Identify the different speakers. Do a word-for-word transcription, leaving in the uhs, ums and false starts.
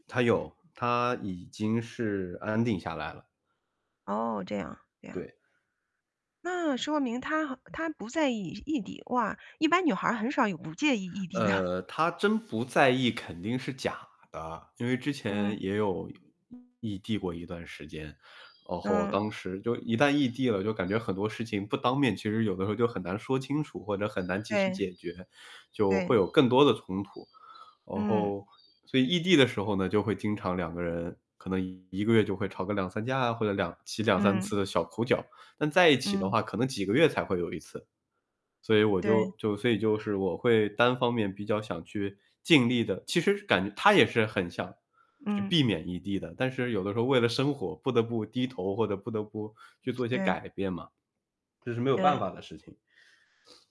Speaker 1: 她有，她已经是安定下来了。
Speaker 2: 哦，这样，这样。
Speaker 1: 对。
Speaker 2: 那说明她好她不在意异地，哇，一般女孩儿很少有不介意异地的。
Speaker 1: 呃，她真不在意肯定是假的。因为之
Speaker 2: 嗯。
Speaker 1: 前也有异地过一段时间。然后
Speaker 2: 嗯。
Speaker 1: 当时就一旦异地了，就感觉很多事情不当面其实有的时候就很难说清楚，或者很难及时
Speaker 2: 对。
Speaker 1: 解决，就会
Speaker 2: 对。
Speaker 1: 有更多的冲突。然
Speaker 2: 嗯。
Speaker 1: 后所以异地的时候呢，就会经常两个人可能一个月就会吵个两三架啊或者两起两三
Speaker 2: 嗯。
Speaker 1: 次的小口角。但在一起的
Speaker 2: 嗯。
Speaker 1: 话，可能几个月才会有一次。所以我
Speaker 2: 对。
Speaker 1: 就就所以就是我会单方面比较想去尽力地其实感她也是很想去
Speaker 2: 嗯。
Speaker 1: 避免异地的。但是有的时候为了生活不得不低头，或者不得不去做一些
Speaker 2: 对。
Speaker 1: 改变嘛。这是没有办
Speaker 2: 对。
Speaker 1: 法的事情。